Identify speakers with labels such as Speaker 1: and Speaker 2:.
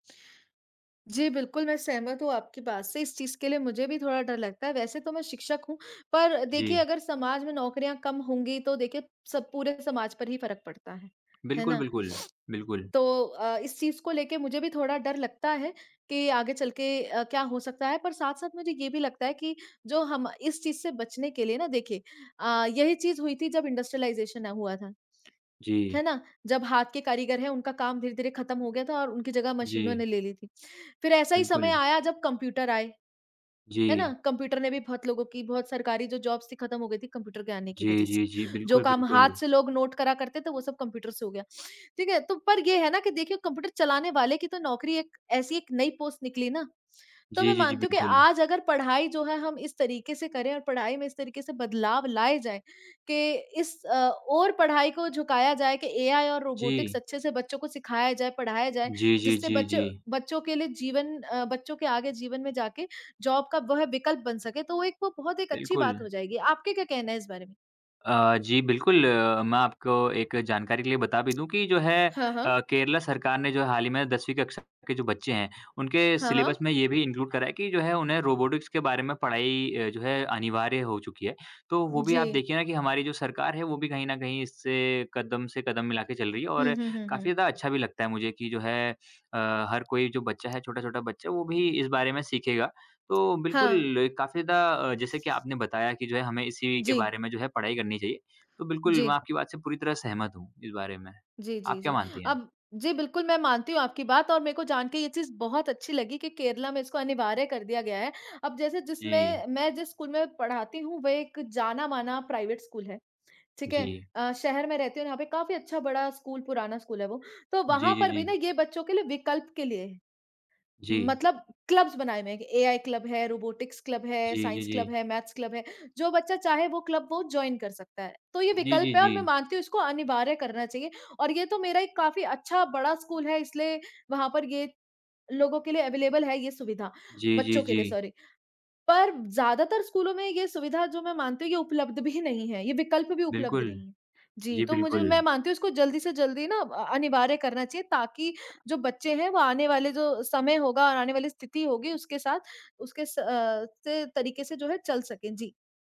Speaker 1: जी बिल्कुल, मैं सहमत हूँ आपकी बात से, इस चीज़ के लिए मुझे भी थोड़ा डर लगता है। वैसे तो मैं शिक्षक हूँ पर देखिए
Speaker 2: जी।
Speaker 1: अगर समाज में नौकरियाँ कम होंगी तो देखिए सब पूरे समाज पर ही फ़र्क पड़ता है, है
Speaker 2: बिल्कुल,
Speaker 1: ना?
Speaker 2: बिल्कुल। बिल्कुल।
Speaker 1: तो अ इस चीज़ को लेके मुझे भी थोड़ा डर लगता है कि आगे चल के अ, क्या हो सकता है, पर साथ-साथ मुझे ये भी लगता है कि जो हम इस चीज़ से बचने के लिए ना देखिए अ, यही चीज़ हुई थी जब इंडस्ट्रियलाइजेशन हुआ था,
Speaker 2: जी।
Speaker 1: है ना? जब हाथ के कारीगर हैं उनका काम धीरे-धीरे ख़त्म हो गया था और उनकी जगह मशीनों ने
Speaker 2: जी।
Speaker 1: ले ली थी। फिर ऐसा ही समय
Speaker 2: बिल्कुल।
Speaker 1: आया जब कंप्यूटर आए, है ना?
Speaker 2: जी।
Speaker 1: कंप्यूटर ने भी बहुत लोगों की, बहुत सरकारी जो जॉब्स थी ख़त्म हो गई थी, कंप्यूटर के आने की वज़ह
Speaker 2: जी,
Speaker 1: से,
Speaker 2: जी, जी।
Speaker 1: जो
Speaker 2: बिल्कुल,
Speaker 1: काम हाथ
Speaker 2: बिल्कुल।
Speaker 1: से लोग नोट करा करते थे वो सब कंप्यूटर से हो गया, ठीक है? तो पर ये है ना कि देखिए कंप्यूटर चलाने वाले की तो नौकरी एक ऐसी एक नई पोस्ट निकली ना, तो मैं
Speaker 2: जी, जी, जी।
Speaker 1: मानती हूँ कि
Speaker 2: बिल्कुल।
Speaker 1: आज अगर पढ़ाई जो है हम इस तरीके से करें और पढ़ाई में इस तरीके से बदलाव लाए जाएँ के इस अ, ओर पढ़ाई को झुकाया जाए कि एआई और रोबोटिक्स
Speaker 2: जी।
Speaker 1: अच्छे से बच्चों को सिखाया जाए, पढ़ाया जाए,
Speaker 2: जी, जी,
Speaker 1: जिससे
Speaker 2: जी,
Speaker 1: बच्चों
Speaker 2: जी।
Speaker 1: बच्चों के लिए जीवन अ, बच्चों के आगे जीवन में जाके जॉब का वह विकल्प बन सके, तो वो एक बहुत एक अच्छी बात
Speaker 2: बिल्कुल।
Speaker 1: हो जाएगी। आपके क्या कहना है इस बारे में?
Speaker 2: अ, जी बिल्कुल, मैं आपको एक जानकारी के लिए बता भी दूँ कि जो है
Speaker 1: हाँ,
Speaker 2: अ,
Speaker 1: हाँ।
Speaker 2: केरला सरकार ने जो है हाल ही में 10वीं कक्षा के जो बच्चे हैं उनके
Speaker 1: हाँ,
Speaker 2: सिलेबस
Speaker 1: हाँ।
Speaker 2: में ये भी इनक्लूड करा है कि जो है उन्हें रोबोटिक्स के बारे में पढ़ाई अ, जो है अनिवार्य हो चुकी है। तो वो भी आप
Speaker 1: जी।
Speaker 2: देखिए ना कि हमारी जो सरकार है वो भी कहीं न कहीं इससे कदम से कदम मिला के चल रही है
Speaker 1: हुँ,
Speaker 2: और
Speaker 1: हुँ, हुँ, हुँ।
Speaker 2: काफ़ी ज़्यादा अच्छा भी लगता है मुझे कि जो है, अ, हर कोई जो बच्चा है, छोटा-छोटा बच्चा, वो भी इस बारे में सीखेगा। तो
Speaker 1: हाँ।
Speaker 2: बिल्कुल एक काफ़ी ज़्यादा अ, जैसे कि आपने बताया कि जो है हमें इसी के
Speaker 1: जी।
Speaker 2: बारे में जो है पढ़ाई करनी चाहिए। तो बिल्कुल मैं
Speaker 1: जी।
Speaker 2: आपकी बात से पूरी तरह सहमत हूँ, इस बारे में।
Speaker 1: जी,
Speaker 2: आप
Speaker 1: जी,
Speaker 2: क्या
Speaker 1: जी।
Speaker 2: मानती हैं?
Speaker 1: अब जी बिल्कुल, मैं मानती हूँ आपकी बात और मेरे को जान के ये चीज़ बहुत अच्छी लगी कि केरला में इसको अनिवार्य कर दिया गया है। अब जैसे
Speaker 2: जी।
Speaker 1: जिसमें मैं जिस स्कूल में पढ़ाती हूँ, वह एक जाना माना प्राइवेट स्कूल है, ठीक है?
Speaker 2: जी।
Speaker 1: अ, शहर में रहती हूँ, यहाँ पे काफ़ी अच्छा बड़ा स्कूल, पुराना स्कूल है वो, तो
Speaker 2: जी,
Speaker 1: वहाँ
Speaker 2: जी,
Speaker 1: पर भी ना
Speaker 2: जी।
Speaker 1: ये बच्चों के लिए विकल्प के लिए है।
Speaker 2: जी।
Speaker 1: मतलब क्लब्स बनाए हुए हैं कि एआई क्लब है, रोबोटिक्स क्लब है,
Speaker 2: जी, जी,
Speaker 1: साइंस क्लब
Speaker 2: जी।
Speaker 1: है, मैथ्स क्लब है, जो बच्चा चाहे वो क्लब वो जॉइन कर सकता है। तो ये
Speaker 2: जी,
Speaker 1: विकल्प
Speaker 2: जी,
Speaker 1: है और मैं
Speaker 2: जी।
Speaker 1: मानती हूँ इसको अनिवार्य करना चाहिए और ये तो मेरा एक काफ़ी अच्छा बड़ा स्कूल है इसलिए वहाँ पर ये लोगो के लिए अवेलेबल है ये सुविधा
Speaker 2: जी, जी,
Speaker 1: बच्चों के लिए
Speaker 2: जी।
Speaker 1: सॉरी। पर ज्यादातर स्कूलों में ये सुविधा जो मैं मानती हूँ ये उपलब्ध भी नहीं है, ये विकल्प भी उपलब्ध
Speaker 2: बिल्कुल,
Speaker 1: नहीं है। जी,
Speaker 2: जी
Speaker 1: तो मुझ
Speaker 2: बिल्कुल।
Speaker 1: मैं मानती हूँ इसको जल्दी से जल्दी ना अ, अनिवार्य करना चाहिए ताकि जो बच्चे हैं वो आने वाले जो समय होगा और आने वाली स्थिति होगी उसके साथ उसके स अ, से तरीके से जो है चल सकें। जी।